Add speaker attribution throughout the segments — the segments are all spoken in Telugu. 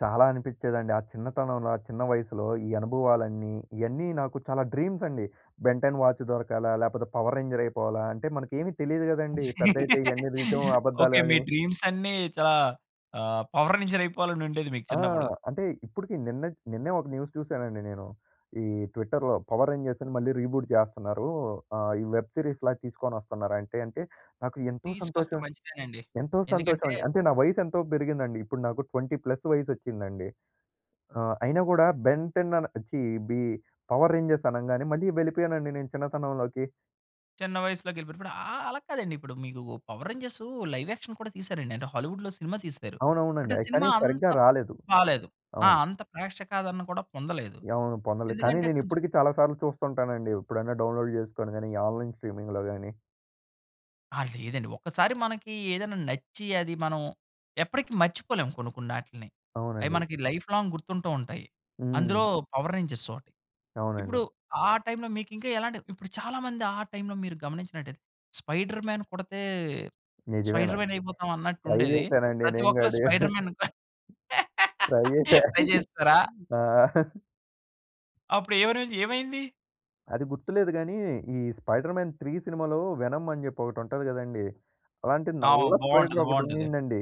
Speaker 1: చాలా అనిపిచ్చేదండి. ఆ చిన్నతనంలో ఆ చిన్న వయసులో ఈ అనుభవాలన్నీ, ఇయన్నీ నాకు చాలా డ్రీమ్సండి. Ben Ten watch దొరకాల? లేపోతే పవర్ రేంజర్ అయిపోవాలా? అంటే, మనకేవి తెలీదు కదండీ. పెద్దైతే ఇవన్నీ నిజవో, అబద్ధాలో
Speaker 2: ఓకే. మీ
Speaker 1: అని.
Speaker 2: డ్రీమ్సన్నీ చాలా ఆహ్, పవర్ రేంజరైపోవాలనుండేది మీకు
Speaker 1: ఆ!
Speaker 2: చిన్నప్పుడు.
Speaker 1: అంటే ఇప్పుడికీ, నిన్నట్ నిన్నే ఒక న్యూస్ చూసానండి నేను, ఈ ట్విట్టర్‌లో. పవర్ రేంజర్స్‌ని మళ్ళీ రీబూట్ జేస్తనారు. ఆహ్, ఈ వెబ్ సీరీస్‌లా తీసుకోనొస్తున్నారంటే అంటే, నాకు ఎంతో
Speaker 2: తీసుకొస్తే
Speaker 1: సంతోషం
Speaker 2: మంచిదేనండి.
Speaker 1: ఎంతో
Speaker 2: ఎందుకంటే
Speaker 1: సంతోషవండి. అంటే, నా వయసెంతో బెరిగిందండి. ఇప్పుడు నాకు 20 ప్లస్సు వయసొచ్చిందండి. ఆహ్, అయినా కూడా, బెంటె‌న్ ఛీ బీ పవర్ రేంజర్స్ అనంగానే, మళ్ళీ వెళిపోయానండి నేను చిన్నతనంలోకి.
Speaker 2: చిన్న వయస్సులోగెలిపోయారిప్పుడు. ఆహ్, అలా కాదండిప్పుడు, మీకు పవర్ రేంజర్సు, లైవ్ యాక్షన్ కూడా తీసారండి. అంటే, హాలీవుడ్‌లో సినిమా తీశారు. అంటే
Speaker 1: అవునవునండి. అయి
Speaker 2: సినిమా
Speaker 1: కానీ,
Speaker 2: అంత
Speaker 1: సరిగ్గా రాలేదు.
Speaker 2: బాలేదు. ఆ!
Speaker 1: అవును.
Speaker 2: అంత ప్రేక్షకాదరణ కూడా పొందలేదు.
Speaker 1: అవును. పొందలేదు. కానీ,
Speaker 2: ఎందుకంటే కొంచుం
Speaker 1: నేనిప్పుడికీ చాలా సార్లు చూస్తుంటానండి, ఎప్పుడైనా డౌన్‌లోడ్ జేసుకొని గాని, ఈ ఆన్‌లైన్ స్ట్రీమింగ్‌లో గాని.
Speaker 2: ఆ! లేదండి. ఒకసారి మనకి ఏదెనా నచ్చి, అది మనం ఎప్పటికి మర్చిపోలేము కొన్ని కొన్నాటిల్ని. అయి
Speaker 1: అవునండి.
Speaker 2: మనకి లైఫ్‌లాంగ్ గుర్తుంటూ ఉంటాయి.
Speaker 1: హ్మ్.
Speaker 2: అందులో, పవర్ రేంజర్సోటి. ఇప్పుడు
Speaker 1: అవునండి.
Speaker 2: ఆ టైంలో, మీకింకా ఎలాంటివి ఇప్పుడు చాలామంది, ఆ టైంలో మీరు గమనించినట్టయితే, స్పైడర్‌మ్యాన్ కుడతే,
Speaker 1: నిజమేన.
Speaker 2: స్పైడర్‌మ్యాన్ అయిపోతాం
Speaker 1: ట్రై
Speaker 2: అన్నట్టుండేది.
Speaker 1: జేసేనండి
Speaker 2: ప్రతి
Speaker 1: నేను
Speaker 2: ఒక్కళు
Speaker 1: కాడు.
Speaker 2: స్పైడర్‌మ్యాన్
Speaker 1: ట్రై జేశా.
Speaker 2: ట్రై చేసెశారా?
Speaker 1: ఆ!
Speaker 2: అప్పుడు ఏవరవైంది ఏవైంది?
Speaker 1: అది గుర్తులేదు గాని, ఈ స్పైడర్‌మ్యాన్ 3 సినిమాలో, వెనమ్ అని జెప్పి, ఒకటుంటది కదండీ! అలాంటి
Speaker 2: ఆ!
Speaker 1: నల్ల స్పైడర్
Speaker 2: బావుంటది.
Speaker 1: ఒకటి
Speaker 2: బావుంటది.
Speaker 1: ఉండిందండి.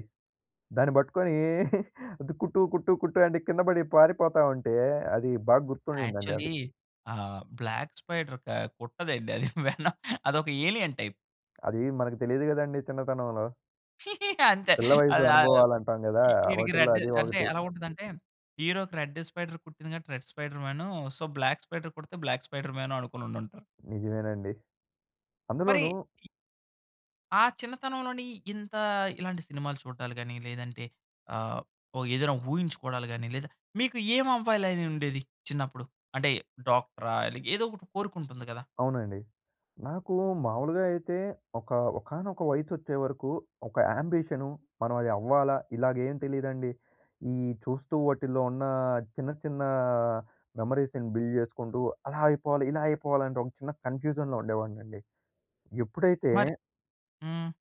Speaker 1: దాన్ని బట్టుకొనీ, అది కుట్టూ, కుట్టూ, కుట్టు అంటే, కిందపడి పారిపోతా ఉంటే, అది బాగ గుర్తుండిందండి
Speaker 2: యాక్చొల్లీ,
Speaker 1: అది.
Speaker 2: ఆహ్, బ్లాక్ స్పైడరొక కుట్టదండి. అది వెన అదొక ఏలియన్ టైప్.
Speaker 1: అదీ, మనకు తెలియదు కదండీ చిన్నతనంలో.
Speaker 2: అంతే.
Speaker 1: పిల్ల వయస్సు
Speaker 2: అది ఆహ్,
Speaker 1: అనుభవాలంటాం గదా!
Speaker 2: ఇ ఈడికి
Speaker 1: వాటిల్లో,
Speaker 2: రెడ్
Speaker 1: అదీ
Speaker 2: అంటే,
Speaker 1: ఒకటి.
Speaker 2: ఎలా ఉంటదంటే, హీరో‌కి రెడ్ స్పైడర్ కుట్టింది గాబట్టి, red spiderman, so, black spider కుడతే, బ్లాక్ స్పైడర్‌మ్యాను అనుకొనుండుంటం.
Speaker 1: నిజమేనండి.
Speaker 2: మరి
Speaker 1: అందులోనూ
Speaker 2: ఇ ఆ చిన్నతనంలోని, ఇంత ఇలాంటి సినిమాలు చూడడాలు గాని, లేదంటే ఆహ్, ఓహ్! ఏదేనా ఊహించుకోడాలు గాని, లేదా మీకు ఏం అవ్వాలనుండేది చిన్నప్పుడు? అంటే, డాక్టరా? ఇలాగ ఏదో ఒకటి కోరికుంటుంది కదా?
Speaker 1: అవునండి. నాకు మాములుగా అయితే, ఒక ఒకానొక వయసొచ్చే వరకు, ఒక యాంబిషను, మనం అది అవ్వాలా, ఇలాగేం తెలీదండి. ఈ చూస్తూ, వాటిల్లో ఉన్న, చిన్న చిన్నా మెమోరీస్‌ని బిల్డ్ జేసుకుంటూ, అలా అయిపోవాలి, ఇలా అయిపోవాలి. అంటే, ఒక చిన్న కన్ఫ్యూజన్‌లో ఉండేవాడినండి.
Speaker 2: మరి
Speaker 1: ఎప్పుడైతే
Speaker 2: హ్మ్.